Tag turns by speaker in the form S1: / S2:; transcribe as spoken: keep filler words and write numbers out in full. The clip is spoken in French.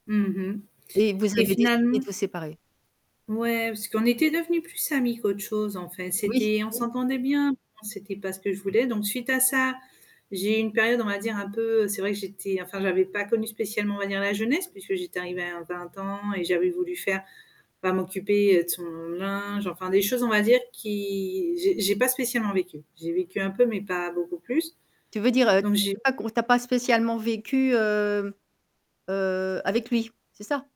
S1: Mmh mh.
S2: Et vous
S1: Et
S2: avez décidé
S1: finalement
S2: de vous séparer.
S1: Ouais, parce qu'on était devenu plus amis qu'autre chose, en fait.
S2: Oui.
S1: C'était on
S2: Mmh.
S1: s'entendait bien, on c'était pas ce que je voulais. Donc suite à ça, j'ai eu une période, on va dire, un peu c'est vrai que j'étais enfin j'avais pas connu spécialement, on va dire, la jeunesse, puisque j'étais arrivée à vingt ans et j'avais voulu faire bah, m'occuper de son linge, enfin des choses, on va dire, qui j'ai j'ai pas spécialement vécu. J'ai vécu un peu mais pas beaucoup plus.
S2: Tu veux dire, heu, heu,
S1: Donc j'ai
S2: j'ai pas com tu as pas spécialement vécu, heu, heu, avec lui, c'est ça?